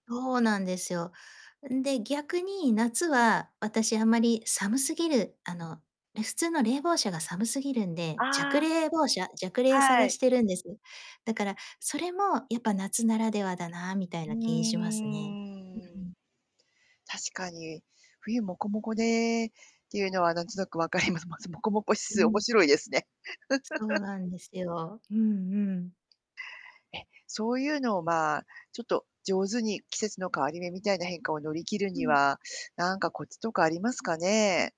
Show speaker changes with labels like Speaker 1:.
Speaker 1: そうなんですよ。んで、逆に夏は私あまり寒すぎる、あの普通の冷房車が寒すぎるんで、
Speaker 2: あ
Speaker 1: 弱
Speaker 2: あ、
Speaker 1: 冷房車弱冷
Speaker 2: は
Speaker 1: 探
Speaker 2: い。
Speaker 1: してるんです。だからそれもやっぱ夏ならではだなみたい
Speaker 2: うー
Speaker 1: な気いしますね。うう
Speaker 2: ん。
Speaker 1: ん。
Speaker 2: 確かに、冬もこもこで、っていうのは何となく分かりますます。もこもこ指
Speaker 1: う
Speaker 2: 数面
Speaker 1: ん。
Speaker 2: 白いですね。
Speaker 1: そう なんですよ。うんうん。
Speaker 2: え、そういうのをまあ、ちょっと上手に季節の変わり目みたいな変化を乗り切る
Speaker 1: う
Speaker 2: に
Speaker 1: ん。
Speaker 2: は、なんかコツとかありますかね？